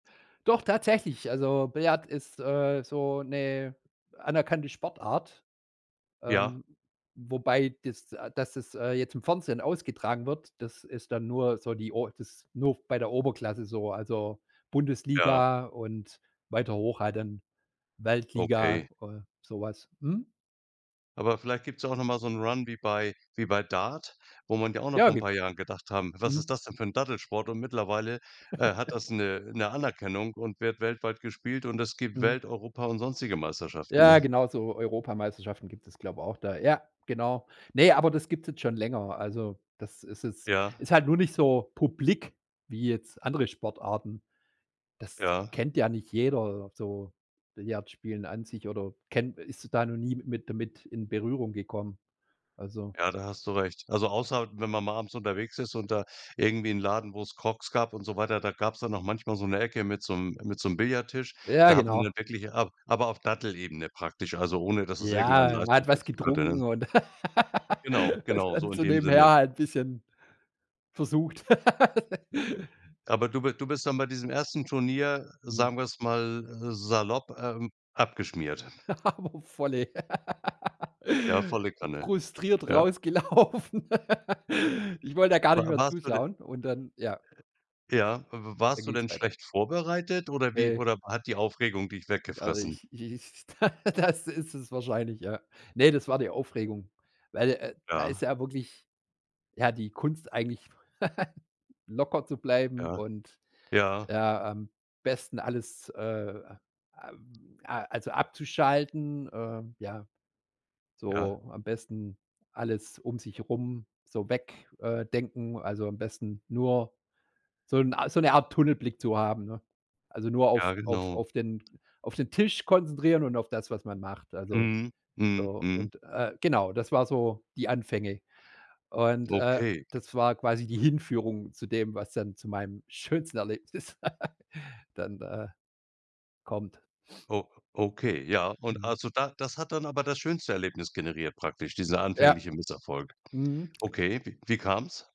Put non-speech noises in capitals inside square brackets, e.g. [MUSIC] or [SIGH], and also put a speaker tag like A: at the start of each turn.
A: Doch tatsächlich, also, Billard ist, äh, so 'ne anerkannte Sportart,
B: Ja.
A: ähm, wobei dass äh, dass es, äh, jetzt im Fernsehen ausgetragen wird, das ist dann nur so die O das nur bei der Oberklasse so. Also,
B: Ja.
A: Bundesliga und weiter hoch halt dann, Weltliga,
B: Okay.
A: äh, sowas. Mhm.
B: Aber vielleicht gibt's ja auch noch mal so 'nen Run wie bei wie bei Dart, wo man ja auch noch
A: Ja,
B: vor 'n
A: ge
B: paar Jahren gedacht haben: „Was ist
A: mhm.
B: das denn für 'n Dattelsport?“ Und mittlerweile, äh, hat
A: [GIGGLES]
B: das 'ne 'ne Anerkennung und wird weltweit gespielt und es gibt
A: Mhm.
B: Welt, Europa und sonstige Meisterschaften,
A: Ja,
B: ne?
A: genau so Europameisterschaften gibt es, glaube ich, auch da. Ja, genau. Ne, aber das gibt's jetzt schon länger. Also, das ist es
B: Ja.
A: ist halt nur nicht so publik wie jetzt andere Sportarten. Das
B: Ja.
A: kennt ja nicht jeder, so Billard spielen an sich oder kenn ist da noch nie mit damit in Berührung gekommen, also.
B: Ja, da hast du recht. Also, außer, wenn man mal abends unterwegs ist und da irgendwie 'n Laden, wo's Crocs gab und so weiter, da gab's dann auch manchmal so 'ne Ecke mit so 'nem mit so 'nem Billardtisch.
A: Ja,
B: Da hat man
A: genau.
B: dann wirklich ab aber auf Dattelebene praktisch, also, ohne dass es irgendeinen
A: Ja, man hat was
B: Leistungsbezug hatte,
A: getrunken
B: ne?
A: und [LAUGHS] hat
B: Genau,
A: t
B: genau, so
A: dann
B: in
A: so
B: dem
A: nebenher
B: Sinne.
A: halt 'n bisschen versucht. [LAUGHS]
B: Aber du bi du bist dann bei diesem 1. Turnier,
A: Mhm.
B: sagen wir's mal, äh, salopp, ähm, abgeschmiert?
A: [GIGGLES] Aber voll ey.
B: Ja,
A: [LAUGHS]
B: volle Kanne.
A: Frustriert
B: Ja.
A: rausgelaufen. Ich wollte da gar nicht
B: Wa
A: mehr
B: warst du denn
A: zuschauen und dann, ja
B: ja, w w
A: und dann
B: warst du
A: ging es
B: denn
A: weiter.
B: schlecht vorbereitet oder wie
A: Ne.
B: oder hat die Aufregung dich
A: Also, i
B: weggefressen?
A: ich i ich [LAUGHS] da das ist es wahrscheinlich, ja. Ne, das war die Aufregung, weil, äh, d da ist
B: Ja.
A: ja wirklich, ja, die Kunst eigentlich, [GIGGLES] locker zu bleiben
B: Ja.
A: und,
B: Ja.
A: ja, am besten alles, äh, a a also, abzuschalten, äh, ja,
B: Ja.
A: so am besten alles um sich rum so weg äh, denken. Also, am besten nur so 'n A so 'ne Art Tunnelblick zu haben, ne? Also, nur auf
B: Ja,
A: auf
B: genau.
A: auf den auf den Tisch konzentrieren und auf das, was man macht, also,
B: Mhm, mhm,
A: so.
B: mhm.
A: Und, äh, genau, das war so die Anfänge. Und, äh,
B: Okay.
A: das war quasi die Hinführung zu dem, was dann zu meinem schönsten Erlebnis d dann, äh, kommt.
B: O okay, ja. Und
A: Mhm.
B: also, da das hat dann aber das schönste Erlebnis generiert praktisch, dieser
A: Ja.
B: anfängliche Misserfolg?
A: Mhm.
B: Okay, wi wie kam's?